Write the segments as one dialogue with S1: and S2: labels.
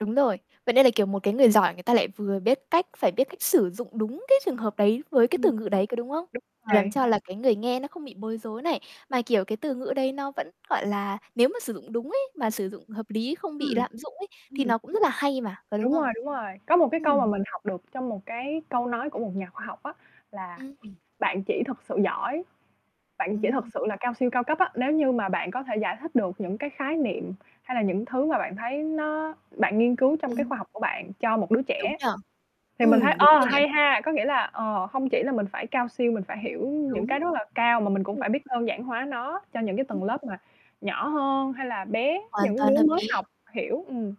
S1: Đúng rồi. Vậy nên là, kiểu một cái người giỏi, người ta lại vừa biết cách phải biết cách sử dụng đúng cái trường hợp đấy với cái
S2: Ừm, đúng
S1: từ ngữ đấy, có đúng hông? Làm
S2: rồi.
S1: cho là cái người nghe nó không bị bối rối này. Mà, kiểu, cái từ ngữ đấy nó vẫn, gọi là, nếu mà sử dụng đúng ý, mà sử dụng hợp lý, không
S2: Ừm,
S1: bị lạm dụng ấy thì
S2: ừm.
S1: nó cũng rất là hay mà, có đúng
S2: Đúng rồi,
S1: không?
S2: đúng rồi. Có một cái câu mà
S1: Ừm.
S2: mình học được trong một cái câu nói của một nhà khoa học á, là
S1: Ừm.
S2: bạn chỉ thật sự giỏi, bạn chỉ thực
S1: Ừm.
S2: sự là cao siêu cao cấp á, nếu như mà bạn có thể giải thích được những cái khái niệm hay là những thứ mà bạn thấy nó bạn nghiên cứu trong cái
S1: Ừm.
S2: khoa học của bạn cho một đứa
S1: Đúng
S2: trẻ.
S1: nhỉ,
S2: Thì mình thấy,
S1: ừm, đúng
S2: ờ,
S1: rồi nhỉ.
S2: hay ha, có nghĩa là, ờ, không chỉ là mình phải cao siêu, mình phải hiểu những
S1: Đúng,
S2: cái rất là cao mà mình cũng
S1: ừm.
S2: phải biết đơn giản hóa nó cho những cái
S1: Ừm.
S2: tầng lớp mà nhỏ hơn hay là bé,
S1: Hoàn
S2: những
S1: toàn
S2: đứa
S1: hợp
S2: mới
S1: lý.
S2: học hiểu, ừm.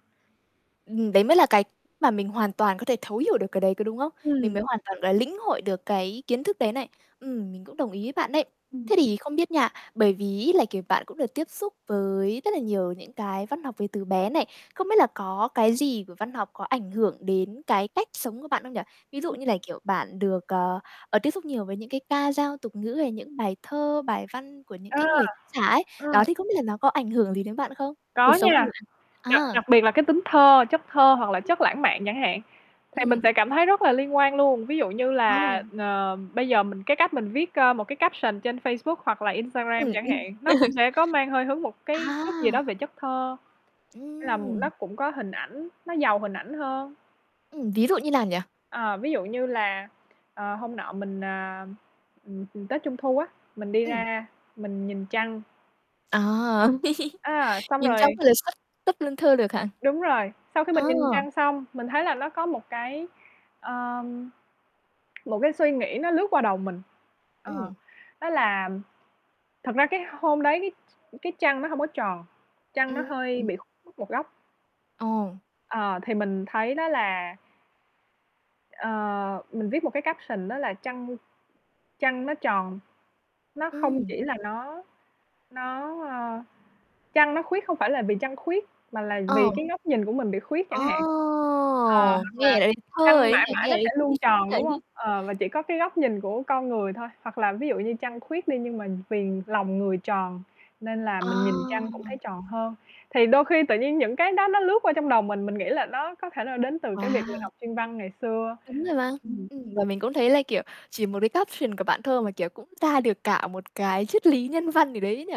S1: Ừm, đấy mới là cái mà mình hoàn toàn có thể thấu hiểu được cái đấy, có đúng không? Mình
S2: Ừm.
S1: mới hoàn toàn là lĩnh hội được cái kiến thức đấy này. Ừm, mình cũng đồng ý với bạn đấy.
S2: Ừm.
S1: Thế thì không biết nha, bởi vì ấy là, kiểu, bạn cũng được tiếp xúc với rất là nhiều những cái văn học Việt từ bé này. Không biết là có cái gì của văn học có ảnh hưởng đến cái cách sống của bạn không nhỉ? Ví dụ
S2: Ừm.
S1: như là, kiểu, bạn được, ờ, ờ, tiếp xúc nhiều với những cái ca dao tục ngữ hay những bài thơ, bài văn của những
S2: Ờ,
S1: cái người tác giả ấy.
S2: ờ.
S1: Đó thì không biết là nó có ảnh hưởng gì đến bạn không? Cuộc
S2: Có
S1: sống của
S2: nha,
S1: bạn
S2: đặc
S1: à.
S2: đặc biệt là cái tính thơ, chất thơ hoặc là chất lãng mạn chẳng hạn, thì mình
S1: Ừm.
S2: sẽ cảm thấy rất là liên quan luôn, ví dụ như là,
S1: Ồ.
S2: ờ, bây giờ mình cái cách mình viết, ơ, một cái caption trên Facebook hoặc là Instagram
S1: Ừm,
S2: chẳng
S1: ừm,
S2: hạn, nó cũng sẽ có mang hơi hướng một cái
S1: à.
S2: chút gì đó về chất thơ, hay là
S1: Ừm.
S2: nó cũng có hình ảnh, nó giàu hình ảnh hơn.
S1: Ừm, ví dụ như nào nhỉ?
S2: Ờ, ví dụ như là, ờ, hôm nọ mình, à, ừm, ừm, Tết Trung thu á, mình đi
S1: Ừm.
S2: ra mình nhìn trăng.
S1: À,
S2: À, xong
S1: nhìn trăng
S2: rồi
S1: xong rồi xuất xuất lên thơ được hả?
S2: Đúng rồi, sau khi
S1: À.
S2: mình nhìn trăng xong, mình thấy là nó có một cái, a, một cái suy nghĩ nó lướt qua đầu mình. Ờ,
S1: Ừm.
S2: đó là, thật ra cái hôm đấy cái ch cái trăng nó không có tròn, trăng nó hơi
S1: Ừm.
S2: bị khuyết một góc.
S1: Ồ.
S2: Ờ, thì mình thấy đó là Ờ, mình viết một cái caption đó là trăng trăng nó tròn, nó không
S1: Ừm.
S2: chỉ là nó nó, a trăng nó khuyết không phải là vì trăng khuyết, mà là vì
S1: Ờ.
S2: cái góc nhìn của mình bị khuyết
S1: Ờ,
S2: chẳng hạn. Ờ, hoặc
S1: nghe
S2: là
S1: đã thấy thơ rồi
S2: trăng
S1: ấy nhỉ,
S2: mãi mãi
S1: nghe
S2: nó
S1: thấy
S2: sẽ
S1: thi
S2: luôn
S1: sĩ
S2: tròn,
S1: rồi.
S2: đúng không? Ờ, và chỉ có cái góc nhìn của con người thôi, hoặc là ví dụ như trăng khuyết đi nhưng mà vì lòng người tròn nên là mình nhìn trăng cũng
S1: Ờ.
S2: thấy tròn hơn. Thì đôi khi tự nhiên những cái đó nó lướt qua trong đầu mình, mình nghĩ là nó có thể nó đến từ cái
S1: Wow!
S2: việc mình học chuyên văn ngày xưa.
S1: Đúng rồi mà,
S2: Ừm.
S1: ừm, và mình cũng thấy, là, kiểu, chỉ một cái caption của bạn thôi mà, kiểu, cũng ra được cả một cái triết lý nhân văn gì đấy ấy nhỉ.